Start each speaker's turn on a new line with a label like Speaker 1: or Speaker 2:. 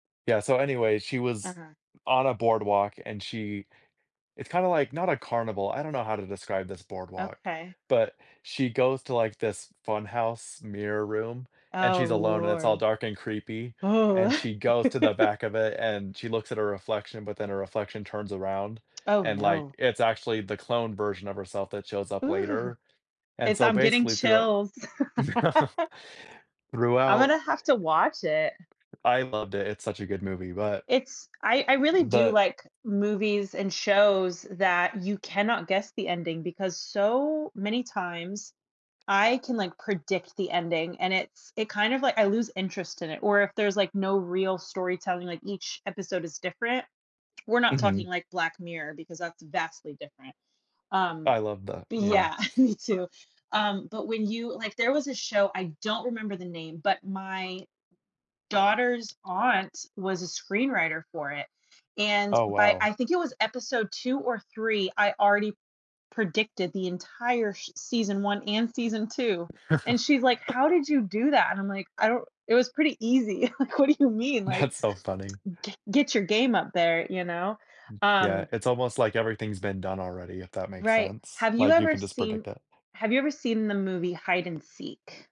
Speaker 1: Yeah, so anyway, she was
Speaker 2: Uh-huh.
Speaker 1: on a boardwalk, and she it's kinda like, not a carnival, I don't know how to describe this boardwalk,
Speaker 2: Okay.
Speaker 1: but she goes to, like, this fun house mirror room, and
Speaker 2: Oh,
Speaker 1: she's alone, and it's all
Speaker 2: lord.
Speaker 1: dark and creepy,
Speaker 2: Oh.
Speaker 1: and she goes to the back of it, and she looks at her reflection, but then her reflection turns around,
Speaker 2: Oh,
Speaker 1: and, like,
Speaker 2: no.
Speaker 1: it's actually the cloned version of herself that shows up
Speaker 2: Ooh!
Speaker 1: later. And
Speaker 2: It's
Speaker 1: so
Speaker 2: I'm getting
Speaker 1: basically throughou
Speaker 2: chills. I'm
Speaker 1: throughout.
Speaker 2: gonna have to watch it.
Speaker 1: I loved it, it's such a good movie, but
Speaker 2: It's I I really do,
Speaker 1: But
Speaker 2: like, movies and shows that you cannot guess the ending, because so many times I can, like, predict the ending, and it's it kinda, like I lose interest in it, or if there's, like, no real storytelling, like, each episode is different we're not talking,
Speaker 1: Mhm.
Speaker 2: like, Black Mirror. because that's vastly different, um
Speaker 1: I love that, yeah.
Speaker 2: Yeah, me too um, but when you like, there was a show, I don't remember the name, but my daughter's aunt was a screenwriter for it, and
Speaker 1: Oh,
Speaker 2: by
Speaker 1: wow.
Speaker 2: I think it was episode 2 or 3, I already predicted the entire sh season 1 and season 2, and she's, like, "How did you do that?" And, I'm, like, "I don't it was pretty easy, like, what do you mean, like
Speaker 1: That's so funny.
Speaker 2: gre get your game up there, you know,"
Speaker 1: Mm yeah,
Speaker 2: um
Speaker 1: it's almost like everything's been done already, if that makes
Speaker 2: Right,
Speaker 1: sense,
Speaker 2: have you
Speaker 1: like, you
Speaker 2: ever
Speaker 1: can just predict
Speaker 2: seen
Speaker 1: it.
Speaker 2: have you ever seen the movie Hide and Seek?